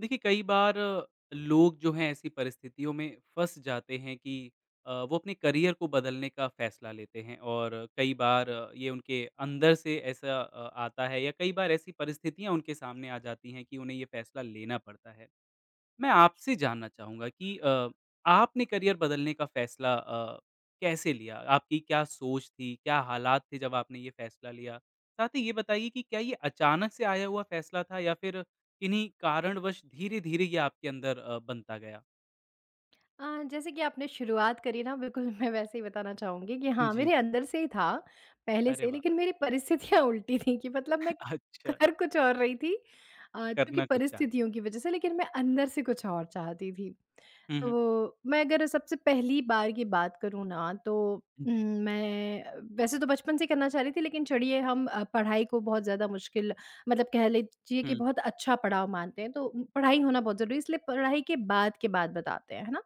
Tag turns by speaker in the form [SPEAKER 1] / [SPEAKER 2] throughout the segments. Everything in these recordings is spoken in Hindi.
[SPEAKER 1] देखिए कई बार लोग जो है ऐसी परिस्थितियों में फँस जाते है कि अ, वो अपने करियर को बदलने का फैसला लेते हैं। और कई बार ये उनके अंदर से ऐसा अ, आता है या कई बार ऐसी परिस्थितियाँ उनके सामने आ जाती है कि उन्हें ये फैसला लेना पड़ता है। मैं आपसे जानना चाहूँगा कि अ, आपने करियर बदलने का फैसला अ, कैसे लिया? आपकी क्या सोच थी? क्या हालात थे जब आपने ये फैसला लिया? साथ ही ये बताइए की क्या ये अचानक से आया हुआ फैसला था या फिर किन्हीं कारणवश धीरे-धीरे ये आपके अंदर अ, बनता गया?
[SPEAKER 2] अ, जैसे कि आपने शुरुआत करी ना बिल्कुल मैं वैसे ही बताना चाहूँगी कि
[SPEAKER 1] उम,
[SPEAKER 2] हाँ,
[SPEAKER 1] जी,
[SPEAKER 2] मेरे
[SPEAKER 1] जी।
[SPEAKER 2] अंदर से ही था, पहले
[SPEAKER 1] अरे
[SPEAKER 2] से।
[SPEAKER 1] वाह!
[SPEAKER 2] लेकिन मेरी परिस्थितियाँ उल्टी थी कि मतलब मैं
[SPEAKER 1] अच्छा।
[SPEAKER 2] कर कुछ और रही थी अ, क्योंकि
[SPEAKER 1] करना कुछ चाहते।
[SPEAKER 2] परिस्थितियों की वजह से लेकिन मैं अंदर से कुछ और चाहती थी।
[SPEAKER 1] हुँ,
[SPEAKER 2] तो
[SPEAKER 1] हुँ।
[SPEAKER 2] वो मैं अगर सबसे पहली बार की बात करूँ ना तो उम,
[SPEAKER 1] जी।
[SPEAKER 2] मैं वैसे तो बचपन से ही करना चाह रही थी। लेकिन चढ़िये हम पढ़ाई को बहुत ज़्यादा मुश्किल मतलब कह लीजिए कि
[SPEAKER 1] हुँ।
[SPEAKER 2] बहुत अच्छा पड़ाव मानते हैं तो पढ़ाई होना बहुत ज़रूरी है। इसलिए पढ़ाई के बाद के बात बताते हैं, है ना।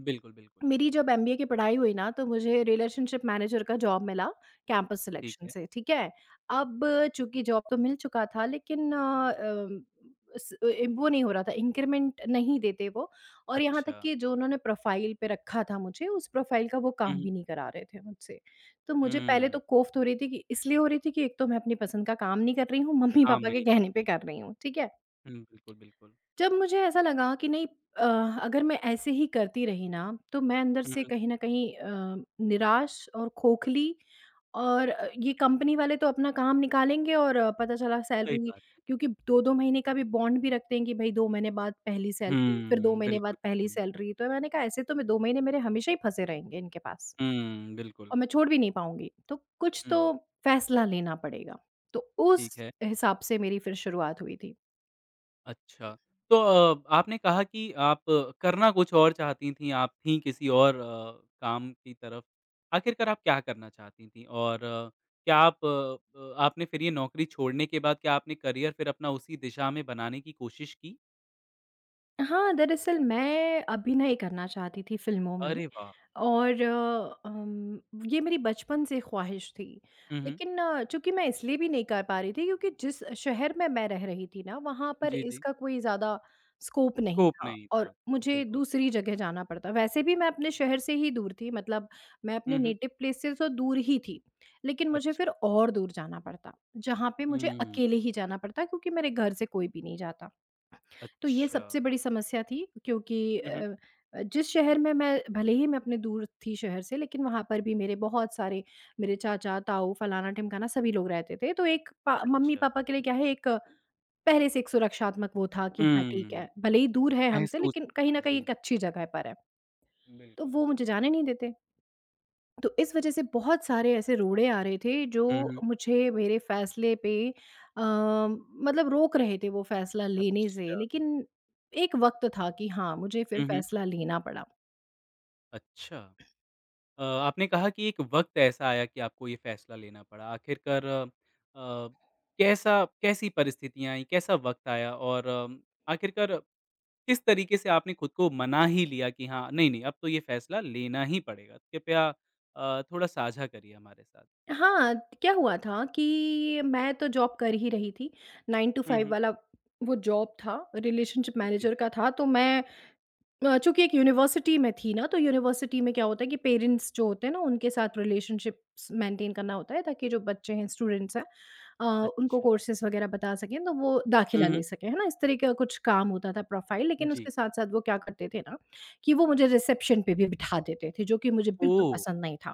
[SPEAKER 1] बिल्कुल, बिल्कुल।
[SPEAKER 2] मेरी जब एमबीए की पढ़ाई हुई ना तो मुझे रिलेशनशिप मैनेजर का जॉब मिला कैंपस
[SPEAKER 1] ठीक
[SPEAKER 2] सिलेक्शन
[SPEAKER 1] है।
[SPEAKER 2] से, ठीक है। अब चूँकि जॉब तो मिल चुका था लेकिन अ, उस ए ए, वो नहीं हो रहा था इंक्रीमेंट नहीं देते वो। और यहाँ तक
[SPEAKER 1] अच्छा।
[SPEAKER 2] की जो उन्होंने प्रोफाइल पे रखा था मुझे उस प्रोफाइल का वो
[SPEAKER 1] हुँ,
[SPEAKER 2] काम
[SPEAKER 1] हुँ।
[SPEAKER 2] भी नहीं करा रहे थे मुझसे। तो मुझे पहले
[SPEAKER 1] हम्म।
[SPEAKER 2] तो कोफ़्त हो रही थी कि इसलिए हो रही थी कि एक तो मैं अपनी पसंद का काम नहीं कर रही हूँ। मम्मी
[SPEAKER 1] काम
[SPEAKER 2] पापा के
[SPEAKER 1] नहीं
[SPEAKER 2] कहने
[SPEAKER 1] करते
[SPEAKER 2] पे
[SPEAKER 1] हैं।
[SPEAKER 2] कर रही हूँ, ठीक है।
[SPEAKER 1] हुँ, बिल्कुल, बिल्कुल।
[SPEAKER 2] जब मुझे ऐसा लगा कि नहीं अ, अगर मैं ऐसे ही करती रही ना तो मैं अंदर
[SPEAKER 1] हुँ,
[SPEAKER 2] से
[SPEAKER 1] हुँ।
[SPEAKER 2] कहीं न कहीं अ, निराश और खोखली और ये कंपनी वाले तो अपना काम निकालेंगे। और पता चला
[SPEAKER 1] सही
[SPEAKER 2] सैलरी
[SPEAKER 1] बात है।
[SPEAKER 2] क्योंकि 2-2 महीने का भी बॉन्ड भी रख देंगे कि भई 2 महीने बाद पहली सैलरी, फिर 2
[SPEAKER 1] हम्म।
[SPEAKER 2] महीने बाद
[SPEAKER 1] बिल्कुल,
[SPEAKER 2] पहली
[SPEAKER 1] बिल्कुल।
[SPEAKER 2] सैलरी। तो मैंने कहा ऐसे तो मैं 2 महीने मेरे हमेशा ही फँसे रहेंगे इनके पास।
[SPEAKER 1] हुँ, बिल्कुल।
[SPEAKER 2] और मैं छोड़ भी नहीं पाऊँगी। तो कुछ
[SPEAKER 1] हुँ।
[SPEAKER 2] तोह फैसला लेना पड़ेगा। तो उस
[SPEAKER 1] ठीक है।
[SPEAKER 2] हिसाब से मेरी फिर शुरुआत हुई थी।
[SPEAKER 1] अच्छा। तो अ, आपने कहा कि आप करना कुछ और चाहती थीं, आप थीं किसी और अ, काम की तरफ, आखिरकार आप क्या करना चाहती थीं? और क्या आप अ अ, आपने फिर ये नौकरी छोड़ने के बाद क्या आपने करियर फिर अपना उसी दिशा में बनाने की कोशिश की?
[SPEAKER 2] हाँ, दरअसल, मैं अभिनय करना चाहती थी फ़िल्मों में,
[SPEAKER 1] अरे, वाह!
[SPEAKER 2] और अम, ये मेरी बचपन से ख़्वाहिश थी।
[SPEAKER 1] हुँ, हुँ।
[SPEAKER 2] लेकिन चूँकि मैं इसलिए भी नहीं कर पा रही थी, क्योंकि जिस शहर में मैं रह रही थी ना, वहाँ पर
[SPEAKER 1] जी, जी।
[SPEAKER 2] इसका कोई ज़्यादा स्कोप नहीं
[SPEAKER 1] स्कोप
[SPEAKER 2] था,
[SPEAKER 1] नहीं
[SPEAKER 2] और
[SPEAKER 1] था।
[SPEAKER 2] मुझे
[SPEAKER 1] बिल्कुल।
[SPEAKER 2] दूसरी जगह जाना पड़ता। वैसे भी मैं अपने शहर से ही दूर थी, मतलब मैं अपने
[SPEAKER 1] हुँ, हुँ।
[SPEAKER 2] नेटिव प्लेस से तो दूर ही थी। लेकिन मुझे फिर
[SPEAKER 1] अच्छा।
[SPEAKER 2] और दूर जाना पड़ता, जहाँ पे मुझे
[SPEAKER 1] हुँ।
[SPEAKER 2] अकेले ही जाना पड़ता, क्योंकि मेरे घर से कोई भी नहीं जाता। तो ये
[SPEAKER 1] अच्छा।
[SPEAKER 2] सबसे बड़ी समस्या थी, क्योंकि
[SPEAKER 1] हुँ, हुँ।
[SPEAKER 2] अ अ, जिस शहर में मैं भले ही मैं अपने दूर थी शहर से, लेकिन वहाँ पर भी मेरे बहुत सारे मेरे चाचा, ताऊ, फलाना-ढिमकाना, सभी लोग रहते थे। तो एक पा
[SPEAKER 1] अच्छा।
[SPEAKER 2] मम्मी-पापा के लिए क्या है एक, पहले से एक सुरक्षात्मक वो था कि, "हाँ, ठीक
[SPEAKER 1] हुँ।
[SPEAKER 2] है। भले ही दूर है हम से,
[SPEAKER 1] महसूस
[SPEAKER 2] लेकिन कहीं न कहीं
[SPEAKER 1] जी।
[SPEAKER 2] एक अच्छी जगह पर है।" तो
[SPEAKER 1] बिल्कुल।
[SPEAKER 2] वो मुझे जाने नहीं देते। तो इस वजह से बहुत सारे ऐसे रोड़े आ रहे थे,
[SPEAKER 1] हुँ,
[SPEAKER 2] जो
[SPEAKER 1] हुँ।
[SPEAKER 2] मुझे मेरे फ़ैसले पे अ, मतलब रोक रहे थे वो फ़ैसला लेने से।
[SPEAKER 1] अच्छा।
[SPEAKER 2] लेकिन एक वक़्त था कि हाँ, मुझे फिर
[SPEAKER 1] हुँ, हुँ।
[SPEAKER 2] फ़ैसला लेना पड़ा।
[SPEAKER 1] अच्छा। अ, आपने कहा कि एक वक़्त ऐसा आया कि आपको ये फ़ैसला लेना पड़ा। आखिरकार अ, कैसा कैसी परिस्थितियाँ आईं, कैसा वक़्त आया, और अम, आखिरकर किस तरीके से आपने खुद को मना ही लिया कि हाँ, नहीं, नहीं, अब तो ये फ़ैसला लेना ही पड़ेगा? कृपया अ, थोड़ा साझा करिए हमारे साथ।
[SPEAKER 2] हाँ, त क्या हुआ था कि मैं तो जॉब कर ही रही थी। 9 टू
[SPEAKER 1] हुँ,
[SPEAKER 2] 5
[SPEAKER 1] हुँ।
[SPEAKER 2] वाला वो जॉब था, रिलेशनशिप
[SPEAKER 1] उ, जी,
[SPEAKER 2] मैनेजर
[SPEAKER 1] जी।
[SPEAKER 2] का था। तो मैं अ, चूँकि एक यूनिवर्सिटी में थी ना, तो यूनिवर्सिटी में क्या होता है कि पैरेंट्स जो होते हैं ना, उनके साथ रिलेशनशिप्स मेंटेन करना होता है, ताकि जो बच्चे हैं, स्टूडेंट्स हैं अ, उनको
[SPEAKER 1] अच्छा।
[SPEAKER 2] कोर्सेस वग़ैरह बता सकें, तो वो
[SPEAKER 1] हुँ,
[SPEAKER 2] दाखिला ले
[SPEAKER 1] हुँ।
[SPEAKER 2] सकें। है ना? इस तरह का कुछ काम होता था, प्रोफ़ाइल, लेकिन
[SPEAKER 1] जी।
[SPEAKER 2] उसके साथ-साथ वो क्या करते थे ना, कि वो मुझे रिसेप्शन पे भी बिठा देते थे, जो कि मुझे बिल्कुल
[SPEAKER 1] ओह!
[SPEAKER 2] पसंद नहीं था।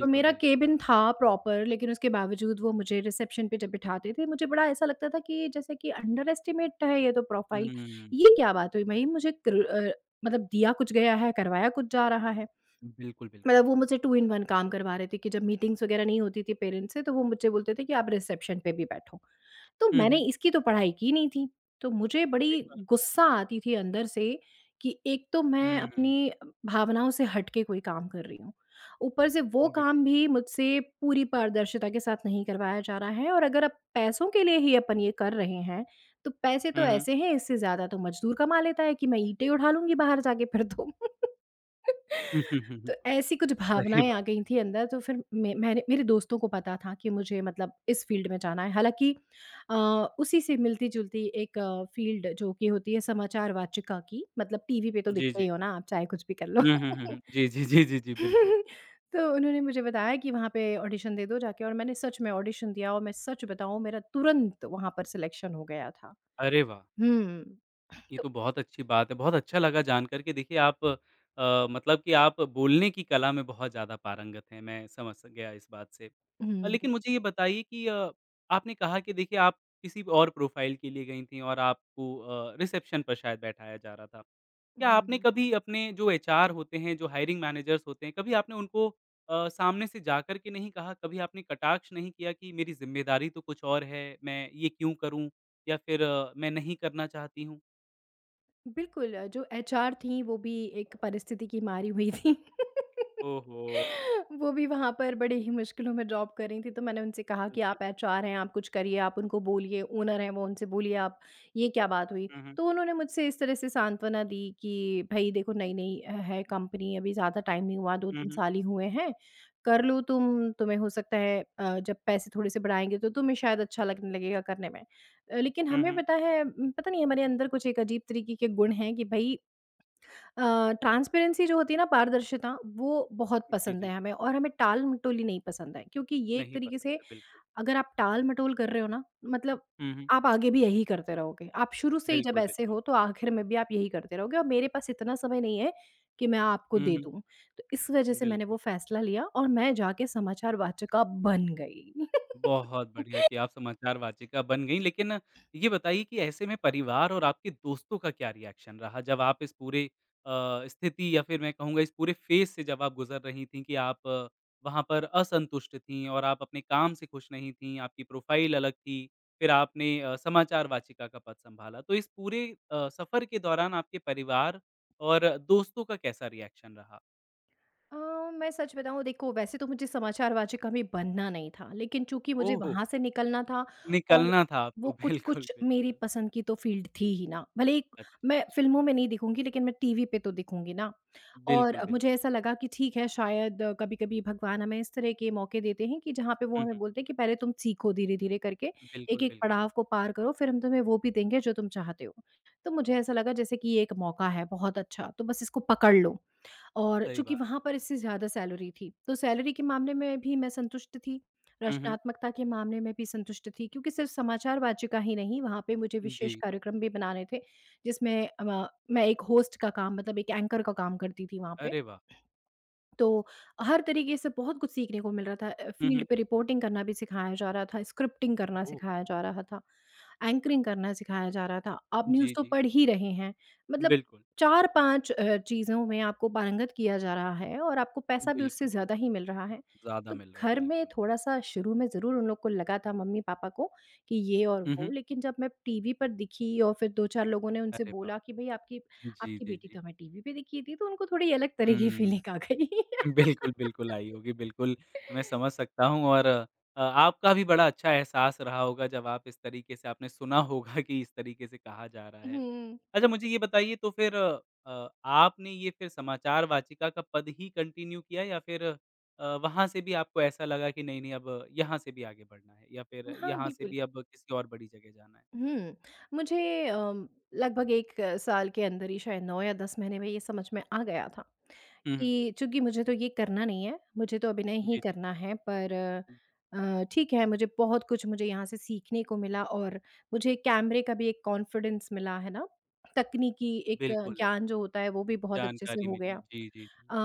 [SPEAKER 2] तो मेरा
[SPEAKER 1] बिल्कुल।
[SPEAKER 2] केबिन था, प्रॉपर, लेकिन उसके बावजूद वो मुझे रिसेप्शन पे जब बिठाते थे, मुझे बड़ा ऐसा लगता था कि जैसे कि अंडरएस्टिमेट है ये तो प्रोफ़ाइल।
[SPEAKER 1] हुँ,
[SPEAKER 2] "ये
[SPEAKER 1] हुँ।
[SPEAKER 2] क्या बात हुई, भई? मुझे कर अ, मतलब दिया कुछ गया है, करवाया कुछ जा रहा है।"
[SPEAKER 1] बिल्कुल, बिल्कुल।
[SPEAKER 2] मतलब वो मुझसे 2 इन 1 काम करवा रहे थे कि जब मीटिंग्स वगैरह नहीं होती थी पैरेंट्स से, तो वो मुझसे बोलते थे कि, "आप रिसेप्शन पे भी बैठो।" तो
[SPEAKER 1] हुँ,
[SPEAKER 2] मैंने
[SPEAKER 1] हुँ।
[SPEAKER 2] इसकी तो पढ़ाई की नहीं थी। तो मुझे बड़ी
[SPEAKER 1] सही बात है।
[SPEAKER 2] गुस्सा आती थी अंदर से, कि एक तो मैं
[SPEAKER 1] हुँ, हुँ।
[SPEAKER 2] अपनी अ, भावनाओं से हट के कोई काम कर रही हूँ। ऊपर से वो
[SPEAKER 1] बि
[SPEAKER 2] काम भी मुझसे पूरी पारदर्शिता के साथ नहीं करवाया जा रहा है और अगर अब पैसों के लिए ही अपन ये कर रहे हैं, तो पैसे तो
[SPEAKER 1] हुँ, हुँ।
[SPEAKER 2] ऐसे हैं, इससे ज़्यादा तो मज़दूर कमा लेता है कि मैं ईंटें उठा लूँगी बाहर जाके फिर तो। तो ऐसी कुछ
[SPEAKER 1] सही
[SPEAKER 2] भावनाएँ आ
[SPEAKER 1] बात
[SPEAKER 2] गई
[SPEAKER 1] है।
[SPEAKER 2] थीं अंदर, तो फिर में मैंने मेरे दोस्तों को पता था कि मुझे मतलब इस फ़ील्ड में जाना है। हालांकि अ, उसी से मिलती-जुलती एक फ़ील्ड जो कि होती है समाचार वाचिका की, मतलब टीवी पे तो
[SPEAKER 1] जी,
[SPEAKER 2] दिखते ही
[SPEAKER 1] जी।
[SPEAKER 2] हो ना आप, चाहे कुछ भी कर लो।
[SPEAKER 1] हुँ, हुँ, हुँ, हुँ। जी, जी, जी, जी, जी। बिल्कुल।
[SPEAKER 2] तो उन्होंने मुझे बताया कि, "वहाँ पे ऑडिशन दे दो जाके।" और मैंने सच में ऑडिशन दिया और मैं सच बताऊँ, मेरा तुरंत वहाँ पर सेलेक्शन हो गया था।
[SPEAKER 1] अरे, वाह!
[SPEAKER 2] हुँ, हुँ।
[SPEAKER 1] ये
[SPEAKER 2] तो
[SPEAKER 1] तो बहुत अच्छी बात है, बहुत अच्छा लगा जान करके। देखिए आप अ, मतलब कि आप बोलने की कला में बहुत ज्यादा पारंगत हैं, मैं समझ स गया इस बात से। अ,
[SPEAKER 2] हुँ।
[SPEAKER 1] लेकिन मुझे ये बताइए कि अ, आपने कहा कि देखिए, आप किसी और प्रोफ़ाइल के लिए गईं थीं और आपको अ, रिसेप्शन पर शायद बैठाया जा रहा था।
[SPEAKER 2] हुँ,
[SPEAKER 1] क्या आपने
[SPEAKER 2] हुँ।
[SPEAKER 1] कभी अपने जो एचआर होते हैं, जो हायरिंग मैनेजर्स होते हैं, कभी आपने उनको अ, सामने से जाकर के नहीं कहा, कभी आपने कटाक्ष नहीं किया कि मेरी ज़िम्मेदारी तो कुछ और है, मैं ये क्यों करूँ? या फिर मैं नहीं करना चाहती हूँ।
[SPEAKER 2] बिल्कुल, जो एचआर थीं वो भी एक परिस्थिति की मारी हुई थीं।
[SPEAKER 1] ओहो।
[SPEAKER 2] वो भी वहाँ पर बड़े ही मुश्किलों में जॉब कर रही थीं, तो मैंने उनसे कहा
[SPEAKER 1] हुँ,
[SPEAKER 2] कि,
[SPEAKER 1] जी।
[SPEAKER 2] "आप एचआर हैं, आप कुछ करिए, आप उनको बोलिए ओनर हैं वो, उनसे बोलिए आप ये क्या बात हुई?"
[SPEAKER 1] हुँ, हुँ।
[SPEAKER 2] तो उन्होंने मुझसे इस तरह से सांत्वना दी कि, "भई देखो नई-नई है कंपनी अभी ज़्यादा टाइम नहीं हुआ दो
[SPEAKER 1] हुँ,
[SPEAKER 2] तीन
[SPEAKER 1] हुँ।
[SPEAKER 2] साल ही हुए हैं, कर लो तुम तुम्हें हो सकता है अ, जब पैसे थोड़े से बढ़ाएँगे तो तुम्हें शायद अच्छा लगने लगेगा करने में।" अ, लेकिन
[SPEAKER 1] हुँ,
[SPEAKER 2] हमें
[SPEAKER 1] हुँ।
[SPEAKER 2] पता है पता नहीं हमारे अंदर कुछ एक अजीब तरीके के गुण हैं कि भई अ, ट्रांसपेरेंसी जो होती है ना, पारदर्शिता वो बहुत
[SPEAKER 1] जी,
[SPEAKER 2] पसंद
[SPEAKER 1] जी।
[SPEAKER 2] है हमें। और हमें टालमटोली नहीं पसंद है क्योंकि ये एक
[SPEAKER 1] नहीं
[SPEAKER 2] तरीके
[SPEAKER 1] पसंद
[SPEAKER 2] से
[SPEAKER 1] है, बिल्कुल।
[SPEAKER 2] अगर आप टालमटोल कर रहे हो ना, मतलब
[SPEAKER 1] हुँ, हुँ।
[SPEAKER 2] आप आगे भी यही करते रहोगे। आप शुरू से ही जब
[SPEAKER 1] बिल्कुल,
[SPEAKER 2] ऐसे
[SPEAKER 1] बिल्कुल।
[SPEAKER 2] हो तो आख़िर में भी आप यही करते रहोगे और मेरे पास इतना समय नहीं है, कि मैं आपको
[SPEAKER 1] हुँ,
[SPEAKER 2] दे
[SPEAKER 1] हुँ।
[SPEAKER 2] दूँ, तो इस वजह से मैंने
[SPEAKER 1] बिल्कुल।
[SPEAKER 2] वो फ़ैसला लिया और मैं जाके समाचार वाचिका बन गई।
[SPEAKER 1] बहुत बढ़िया कि आप समाचार वाचिका बन गईं, लेकिन ये बताइए कि ऐसे में परिवार और आपके दोस्तों का क्या रिएक्शन रहा? जब आप इस पूरे अ, स्थिति या फिर मैं कहूँगा इस पूरे फेज़ से जब आप गुज़र रही थी कि आप वहाँ पर असंतुष्ट थी और आप अपने काम से खुश नहीं थी, आपकी प्रोफाइल अलग थी, फिर आपने समाचार वाचिका का पद सँभाला तो इस पूरे अ, सफ़र के दौरान आपके परिवार और दोस्तों का कैसा रिएक्शन रहा?
[SPEAKER 2] अ, मैं सच बताऊँ देखो वैसे तो मुझे समाचार वाचिका कभी बनना नहीं था, लेकिन चूँकि मुझे
[SPEAKER 1] ओहो!
[SPEAKER 2] वहाँ से निकलना था और
[SPEAKER 1] निकलना था
[SPEAKER 2] वो
[SPEAKER 1] आपको, बिल्कुल,
[SPEAKER 2] कुछ-कुछ मेरी
[SPEAKER 1] बिल्कुल।
[SPEAKER 2] पसंद की तो फील्ड थी ही ना, भले ही
[SPEAKER 1] अच्छा,
[SPEAKER 2] मैं
[SPEAKER 1] अच्छा।
[SPEAKER 2] फिल्मों में नहीं दिखूँगी लेकिन मैं टीवी पे तो दिखूँगी ना। और
[SPEAKER 1] बिल्कुल, बिल
[SPEAKER 2] मुझे ऐसा लगा कि ठीक है, शायद कभी-कभी भगवान हमें इस तरह के मौके देते हैं कि जहाँ पे वो
[SPEAKER 1] हुँ,
[SPEAKER 2] हमें
[SPEAKER 1] हुँ।
[SPEAKER 2] बोलते हैं, कि पहले तुम सीखो धीरे-धीरे करके,
[SPEAKER 1] बिल्कुल,
[SPEAKER 2] एक-एक
[SPEAKER 1] बिल्कुल।
[SPEAKER 2] पड़ाव को पार करो, फिर हम तुम्हें वो भी देंगे जो तुम चाहते हो। तो मुझे ऐसा लगा जैसे कि ये एक मौका है बहुत अच्छा, तो बस इसको पकड़ लो। और
[SPEAKER 1] सही
[SPEAKER 2] चूँकि
[SPEAKER 1] बात।
[SPEAKER 2] वहाँ पर इससे ज़्यादा सैलरी थी, तो सैलरी के मामले में भी मैं संतुष्ट थी,
[SPEAKER 1] हुँ, हुँ।
[SPEAKER 2] रचनात्मकता के मामले में भी संतुष्ट थी, क्योंकि सिर्फ समाचार वाचिका ही नहीं वहाँ पे मुझे विशेष
[SPEAKER 1] जी।
[SPEAKER 2] कार्यक्रम भी बनाने थे, जिसमें अमा मैं एक होस्ट का काम मतलब एक एंकर का काम करती थी वहाँ पे।
[SPEAKER 1] अरे वाह!
[SPEAKER 2] तो हर तरीके से बहुत कुछ सीखने को मिल रहा था। अ,
[SPEAKER 1] हुँ,
[SPEAKER 2] फील्ड
[SPEAKER 1] हुँ।
[SPEAKER 2] पे रिपोर्टिंग करना भी सिखाया जा रहा था, स्क्रिप्टिंग करना
[SPEAKER 1] ओह!
[SPEAKER 2] सिखाया जा रहा था, एंकरिंग करना सिखाया जा रहा था। आप न्यूज़
[SPEAKER 1] जी,
[SPEAKER 2] तो
[SPEAKER 1] जी।
[SPEAKER 2] पढ़ ही रहे हैं, मतलब
[SPEAKER 1] बिल्कुल।
[SPEAKER 2] 4-5 अ, चीज़ों में आपको पारंगत किया जा रहा है और आपको पैसा भी उससे
[SPEAKER 1] बिल्कुल,
[SPEAKER 2] ज़्यादा
[SPEAKER 1] बिल्कुल।
[SPEAKER 2] ही मिल रहा है,
[SPEAKER 1] ज़्यादा
[SPEAKER 2] तो
[SPEAKER 1] मिल रहा है,
[SPEAKER 2] घर में
[SPEAKER 1] बिल्कुल।
[SPEAKER 2] थोड़ा-सा शुरू में ज़रूर उन लोग को लगा था मम्मी-पापा को कि ये और
[SPEAKER 1] हुँ,
[SPEAKER 2] वो।
[SPEAKER 1] हुँ।
[SPEAKER 2] लेकिन जब मैं टीवी पर दिखी और फिर 2-4 लोगों ने उनसे
[SPEAKER 1] अरे वाह!
[SPEAKER 2] बोला कि भई आपकी,
[SPEAKER 1] जी,
[SPEAKER 2] आपकी
[SPEAKER 1] जी,
[SPEAKER 2] बेटी तो
[SPEAKER 1] जी।
[SPEAKER 2] हमें टीवी पे दिखी थी, तो उनको थोड़ी अलग तरह की फीलिंग आ
[SPEAKER 1] हुँ।
[SPEAKER 2] गई।
[SPEAKER 1] बिल्कुल, बिल्कुल आई होगी बिल्कुल, मैं समझ सकता हूँ और अ, आपका भी बड़ा अच्छा एहसास रहा होगा जब आप इस तरीके से आपने सुना होगा कि इस तरीके से कहा जा रहा है।
[SPEAKER 2] हुँ।
[SPEAKER 1] अच्छा, मुझे ये बताइए तो फिर अ, आपने ये फिर समाचार वाचिका का पद ही कंटिन्यू किया या फिर अ, वहाँ से भी आपको ऐसा लगा कि, नहीं-नहीं अब यहाँ से भी आगे बढ़ना है या फिर
[SPEAKER 2] हाँ,
[SPEAKER 1] यहाँ से
[SPEAKER 2] बिल्कुल।
[SPEAKER 1] भी अब किसी और बड़ी जगह जाना है?
[SPEAKER 2] हुँ। मुझे अ, लगभग 1 साल के अंदर ही शायद 9 या 10 महीने में ये समझ में आ गया था,
[SPEAKER 1] हुँ, हुँ।
[SPEAKER 2] कि चूँकि मुझे तो ये करना नहीं है, मुझे तो अभिनय ही
[SPEAKER 1] जी, जी।
[SPEAKER 2] करना है पर अ, ठीक है, मुझे बहुत कुछ मुझे यहाँ से सीखने को मिला और मुझे कैमरे का भी एक कॉन्फिडेंस मिला है ना? तकनीकी एक
[SPEAKER 1] बिल्कुल।
[SPEAKER 2] ज्ञान जो होता है, वो भी बहुत अच्छे से
[SPEAKER 1] जानकारी
[SPEAKER 2] हो
[SPEAKER 1] मिली।
[SPEAKER 2] गया।
[SPEAKER 1] जी, जी।
[SPEAKER 2] अ,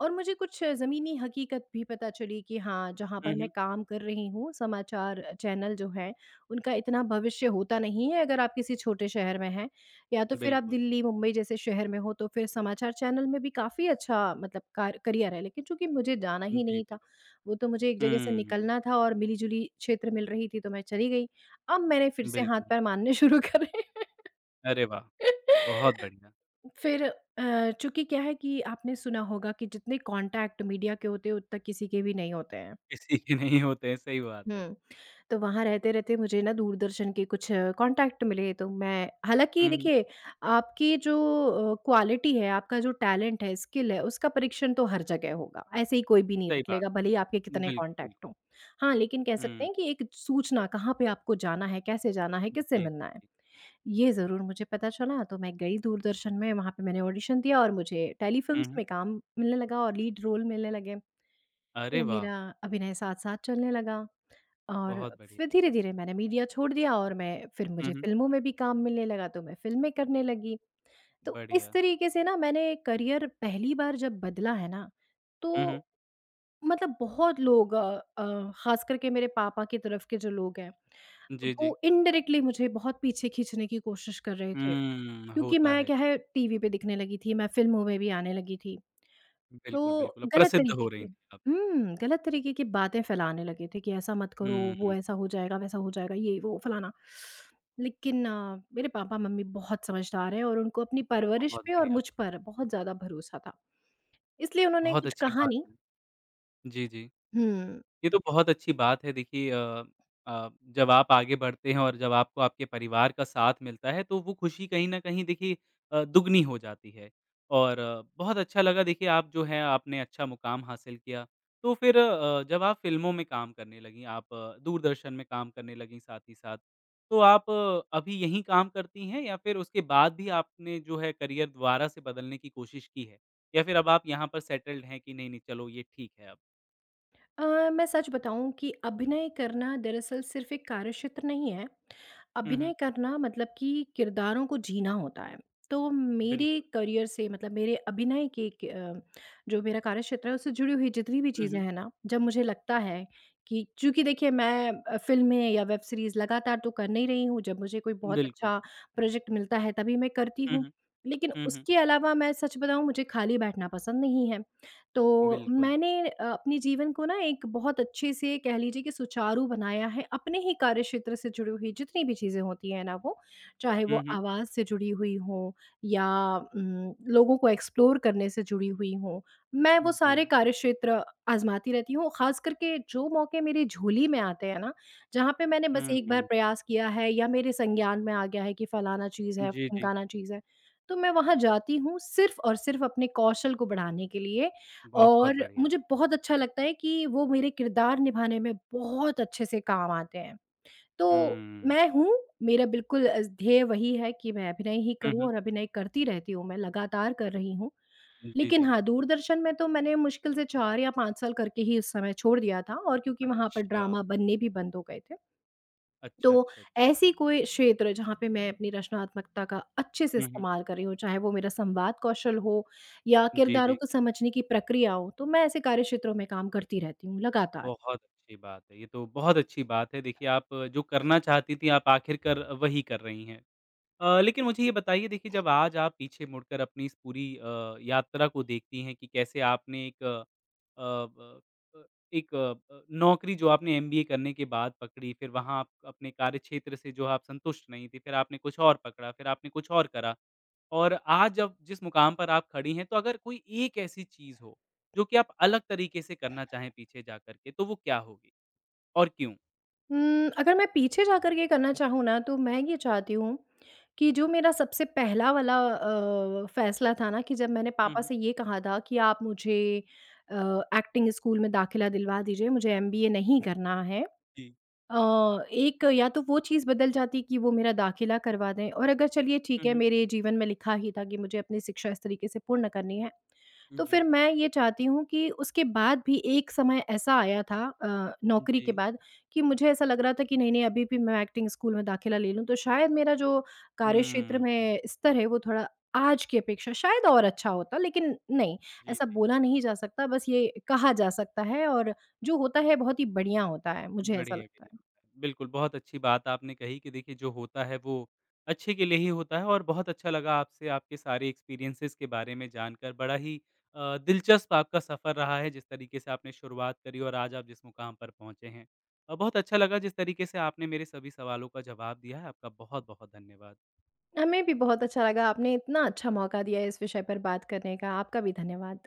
[SPEAKER 2] और मुझे कुछ ज़मीनी हकीकत भी पता चली कि हाँ, जहाँ
[SPEAKER 1] हुँ,
[SPEAKER 2] पर मैं
[SPEAKER 1] हुँ।
[SPEAKER 2] काम कर रही हूँ, समाचार चैनल जो है, उनका इतना भविष्य होता नहीं है अगर आप किसी छोटे शहर में हैं या तो फिर आप
[SPEAKER 1] बिल्कुल।
[SPEAKER 2] दिल्ली, मुंबई जैसे शहर में हो तो फिर समाचार चैनल में भी काफ़ी अच्छा मतलब कार करियर है। लेकिन चूँकि मुझे जाना ही
[SPEAKER 1] जी,
[SPEAKER 2] नहीं
[SPEAKER 1] जी।
[SPEAKER 2] था, वो तो मुझे एक जगह से
[SPEAKER 1] हुँ।
[SPEAKER 2] निकलना था और मिली-जुली क्षेत्र मिल रही थी तो मैं चली गई, अब मैंने फिर से हाथ
[SPEAKER 1] बिल्कुल।
[SPEAKER 2] पैर मारने शुरू करे।
[SPEAKER 1] अरे वाह! बहुत बढ़िया।
[SPEAKER 2] फिर अ, चूँकि क्या है कि आपने सुना होगा कि जितने कॉन्टैक्ट मीडिया के होते हैं उतना किसी के भी नहीं होते हैं।
[SPEAKER 1] किसी के नहीं होते हैं, सही बात है।
[SPEAKER 2] हुँ, तो वहाँ रहते-रहते मुझे ना दूरदर्शन के कुछ कॉन्टैक्ट मिले, तो मैं हालाँकि
[SPEAKER 1] हुँ, हुँ।
[SPEAKER 2] देखिए, आपकी जो अ, क्वालिटी है, आपका जो टैलेंट है, स्किल है, उसका परीक्षण तो हर जगह होगा। ऐसे ही कोई भी नहीं
[SPEAKER 1] सही
[SPEAKER 2] रख
[SPEAKER 1] बात,
[SPEAKER 2] लेगा, भले ही आपके कितने
[SPEAKER 1] बिल्कुल।
[SPEAKER 2] कॉन्टैक्ट हों। हाँ, लेकिन कह सकते
[SPEAKER 1] हुँ।
[SPEAKER 2] हैं कि एक सूचना कहाँ पे आपको जाना है, कैसे जाना है,
[SPEAKER 1] जी,
[SPEAKER 2] किससे
[SPEAKER 1] जी,
[SPEAKER 2] मिलना है
[SPEAKER 1] जी।
[SPEAKER 2] ये ज़रूर मुझे पता चला। तो मैं गई दूरदर्शन में वहाँ पे मैंने ऑडिशन दिया और मुझे
[SPEAKER 1] हुँ,
[SPEAKER 2] टेलीफिल्म्स
[SPEAKER 1] हुँ।
[SPEAKER 2] में काम मिलने लगा और लीड रोल मिलने लगे।
[SPEAKER 1] अरे
[SPEAKER 2] तो
[SPEAKER 1] वाह!
[SPEAKER 2] मेरा अभिनय साथ-साथ चलने लगा और
[SPEAKER 1] बहुत बढ़िया।
[SPEAKER 2] फिर धीरे-धीरे मैंने मीडिया छोड़ दिया और मैं फिर
[SPEAKER 1] हुँ,
[SPEAKER 2] मुझे
[SPEAKER 1] हुँ।
[SPEAKER 2] फिल्मों में भी काम मिलने लगा, तो मैं फिल्में करने लगी। तो इस
[SPEAKER 1] बढ़िया।
[SPEAKER 2] तरीके से ना मैंने करियर पहली बार जब बदला है ना,
[SPEAKER 1] हुँ, हुँ।
[SPEAKER 2] तो मतलब बहुत लोग अ अ, खास करके मेरे पापा के तरफ के जो लोग हैं,
[SPEAKER 1] जी, जी।
[SPEAKER 2] वो इंडायरेक्टली मुझे बहुत पीछे खींचने की कोशिश कर रहे थे।
[SPEAKER 1] हम्म,
[SPEAKER 2] क्योंकि
[SPEAKER 1] होता
[SPEAKER 2] मैं
[SPEAKER 1] है,
[SPEAKER 2] क्या
[SPEAKER 1] जी।
[SPEAKER 2] है टीवी पे दिखने लगी थी, मैं फिल्मों में भी आने लगी थी।
[SPEAKER 1] बिल्कुल,
[SPEAKER 2] तो
[SPEAKER 1] बिल्कुल अब
[SPEAKER 2] गलत
[SPEAKER 1] प्रसिद्ध हो
[SPEAKER 2] तरीके की
[SPEAKER 1] रहीं थीं आप।
[SPEAKER 2] हुँ, गलत तरीके की बातें फैलाने लगे थे कि ऐसा मत करो, वो
[SPEAKER 1] हुँ।
[SPEAKER 2] ऐसा हो जाएगा, वैसा हो जाएगा, ये वो फलाना। लेकिन मेरे पापा-मम्मी बहुत समझदार हैं और उनको अपनी परवरिश
[SPEAKER 1] बहुत
[SPEAKER 2] पे और
[SPEAKER 1] बढ़िया बा
[SPEAKER 2] मुझ पर बहुत ज़्यादा भरोसा था। इसलिए उन्होंने
[SPEAKER 1] बहुत
[SPEAKER 2] कुछ
[SPEAKER 1] अच्छी
[SPEAKER 2] कहा
[SPEAKER 1] बात।
[SPEAKER 2] नहीं।
[SPEAKER 1] जी, जी।
[SPEAKER 2] हुँ।
[SPEAKER 1] ये तो बहुत अच्छी बात है देखिए अ अ, जब आप आगे बढ़ते हैं और जब आपको आपके परिवार का साथ मिलता है, तो वो खुशी कहीं न कहीं देखिए अ, दुगुनी हो जाती है। और बहुत अच्छा लगा देखिए आप जो है, आपने अच्छा मुकाम हासिल किया। तो फिर अ, जब आप फिल्मों में काम करने लगीं, आप दूरदर्शन में काम करने लगीं साथ ही साथ, तो आप अभी यहीं काम करती हैं या फिर उसके बाद भी आपने जो है, करियर दोबारा से बदलने की कोशिश की है? या फिर अब आप यहाँ पर सेटल्ड हैं कि नहीं-नहीं चलो ये ठीक है अब।
[SPEAKER 2] अ, मैं सच बताऊँ कि अभिनय करना दरअसल सिर्फ़ एक कार्यक्षेत्र नहीं है,
[SPEAKER 1] हुँ, हुँ।
[SPEAKER 2] अभिनय करना मतलब कि किरदारों को जीना होता है, तो मेरे
[SPEAKER 1] बिल्कुल।
[SPEAKER 2] करियर से मतलब मेरे अभिनय के क अ, जो मेरा कार्यक्षेत्र है उससे जुड़ी हुई जितनी भी
[SPEAKER 1] हुँ,
[SPEAKER 2] चीज़ें
[SPEAKER 1] हुँ।
[SPEAKER 2] हैं ना, जब मुझे लगता है कि चूँकि देखिए मैं अ, फिल्में या वेब सीरीज़ लगातार तो कर नहीं रही हूँ, जब मुझे कोई बहुत
[SPEAKER 1] बिल्कुल।
[SPEAKER 2] अच्छा प्रोजेक्ट मिलता है तभी मैं करती
[SPEAKER 1] हुँ,
[SPEAKER 2] हूँ।
[SPEAKER 1] हुँ।
[SPEAKER 2] लेकिन
[SPEAKER 1] हुँ, हुँ।
[SPEAKER 2] उसके अलावा मैं सच बताऊँ मुझे खाली बैठना पसंद नहीं है, तो
[SPEAKER 1] बिल्कुल।
[SPEAKER 2] मैंने अ, अपने जीवन को ना एक बहुत अच्छे से कह लीजिए कि सुचारू बनाया है, अपने ही कार्यक्षेत्र से जुड़ी हुई जितनी भी चीज़ें होती हैं ना वो, चाहे
[SPEAKER 1] हुँ,
[SPEAKER 2] वो
[SPEAKER 1] हुँ।
[SPEAKER 2] आवाज़ से जुड़ी हुई हों या उम, लोगों को एक्सप्लोर करने से जुड़ी हुई हों, मैं वो सारे
[SPEAKER 1] जी।
[SPEAKER 2] कार्यक्षेत्र आज़माती रहती हूँ खास करके जो मौके मेरी झोली में आते हैं ना, जहाँ पे मैंने बस
[SPEAKER 1] हुँ,
[SPEAKER 2] एक बार
[SPEAKER 1] हुँ।
[SPEAKER 2] प्रयास किया है या मेरे संज्ञान में आ गया है कि फलाना चीज़ है,
[SPEAKER 1] जी, जी।
[SPEAKER 2] ढिमकाना चीज़ है। तो मैं वहाँ जाती हूँ सिर्फ़ और सिर्फ़ अपने कौशल को बढ़ाने के लिए
[SPEAKER 1] बहुत
[SPEAKER 2] और
[SPEAKER 1] बढ़िया।
[SPEAKER 2] मुझे बहुत अच्छा लगता है कि वो मेरे किरदार निभाने में बहुत अच्छे से काम आते हैं। तो
[SPEAKER 1] हुँ।
[SPEAKER 2] मैं हूँ, मेरा बिल्कुल अ, ध्येय वही है कि मैं अभिनय ही
[SPEAKER 1] हुँ,
[SPEAKER 2] करूँ
[SPEAKER 1] हुँ।
[SPEAKER 2] और अभिनय करती रहती हूँ, मैं लगातार कर रही हूँ।
[SPEAKER 1] जी,
[SPEAKER 2] लेकिन
[SPEAKER 1] जी।
[SPEAKER 2] हाँ, दूरदर्शन में तो मैंने मुश्किल से 4 या 5 साल करके ही उस समय छोड़ दिया था और क्योंकि वहाँ पर
[SPEAKER 1] अच्छा।
[SPEAKER 2] ड्रामा बनने भी बंद हो गए थे। तो
[SPEAKER 1] अच्छा, अच्छा, अच्छा।
[SPEAKER 2] ऐसी कोई क्षेत्र जहाँ पे मैं अपनी रचनात्मकता का अच्छे से
[SPEAKER 1] हुँ, हुँ।
[SPEAKER 2] इस्तेमाल कर रही हूँ, चाहे वो मेरा संवाद कौशल हो या
[SPEAKER 1] जी,
[SPEAKER 2] किरदारों
[SPEAKER 1] जी।
[SPEAKER 2] को समझने की प्रक्रिया हो, तो मैं ऐसे कार्यक्षेत्रों में काम करती रहती हूँ लगातार।
[SPEAKER 1] बहुत अच्छी बात है, ये तो बहुत अच्छी बात है, देखिए आप जो करना चाहती थीं आप आखिर कर वही कर रही हैं। अ, लेकिन मुझे ये बताइए देखिए जब आज आप पीछे मुड़कर अपनी इस पूरी अ, यात्रा को देखती हैं कि कैसे आपने एक अ, ब अ, एक अ, नौकरी जो आपने एमबीए करने के बाद पकड़ी, फिर वहाँ आप अपने कार्यक्षेत्र से जो आप संतुष्ट नहीं थीं, फिर आपने कुछ और पकड़ा, फिर आपने कुछ और करा और आज जब जिस मुकाम पर आप खड़ी हैं तो अगर कोई एक ऐसी चीज़ हो, जो कि आप अलग तरीके से करना चाहें पीछे जा करके तो वो क्या होगी? और क्यों?
[SPEAKER 2] हुँ, अगर मैं पीछे जाकर के करना चाहूँ ना, तो मैं ये चाहती हूँ कि जो मेरा सबसे पहला वाला अ, फ़ैसला था ना कि जब मैंने
[SPEAKER 1] हुँ,
[SPEAKER 2] पापा
[SPEAKER 1] हुँ।
[SPEAKER 2] से ये कहा था कि, "आप मुझे अ, एक्टिंग स्कूल में दाख़िला दिलवा दीजिए, मुझे एमबीए नहीं करना है।"
[SPEAKER 1] जी।
[SPEAKER 2] अ, एक या तो वो चीज़ बदल जाती कि वो मेरा दाख़िला करवा दें और अगर चलिए ठीक
[SPEAKER 1] हुँ,
[SPEAKER 2] है,
[SPEAKER 1] हुँ।
[SPEAKER 2] मेरे जीवन में लिखा ही था कि मुझे अपनी शिक्षा इस तरीके से पूर्ण करनी है।
[SPEAKER 1] उ,
[SPEAKER 2] तो
[SPEAKER 1] जी।
[SPEAKER 2] फिर मैं ये चाहती हूँ कि उसके बाद भी एक समय ऐसा आया था अ,
[SPEAKER 1] हुँ,
[SPEAKER 2] नौकरी के
[SPEAKER 1] जी।
[SPEAKER 2] बाद कि मुझे ऐसा लग रहा था कि नहीं-नहीं अभी भी मैं एक्टिंग स्कूल में दाख़िला ले लूँ, तो शायद मेरा जो कार्यक्षेत्र
[SPEAKER 1] हुँ।
[SPEAKER 2] में स्तर है, वो थोड़ा आज की अपेक्षा शायद और अच्छा होता। लेकिन नहीं,
[SPEAKER 1] जी,
[SPEAKER 2] ऐसा
[SPEAKER 1] जी।
[SPEAKER 2] बोला नहीं जा सकता, बस ये कहा जा सकता है और जो होता है बहुत ही बढ़िया होता है, मुझे ऐसा
[SPEAKER 1] बढ़िया
[SPEAKER 2] लगता
[SPEAKER 1] के
[SPEAKER 2] है।
[SPEAKER 1] बिल्कुल, बहुत अच्छी बात आपने कही कि देखिए जो होता है वो, अच्छे के लिए ही होता है और बहुत अच्छा लगा आपसे आपके सारे एक्सपीरियन्सिज़ के बारे में जानकर। बड़ा ही अ, दिलचस्प आपका सफ़र रहा है, जिस तरीके से आपने शुरुआत करी और आज आप जिस मुक़ाम पर पहुँचे हैं अ, बहुत अच्छा लगा जिस तरीके से आपने मेरे सभी सवालों का जवाब दिया है। आपका बहुत-बहुत धन्यवाद।
[SPEAKER 2] हमें भी बहुत अच्छा लगा, आपने इतना अच्छा मौका दिया है, इस विषय पर बात करने का आपका भी धन्यवाद।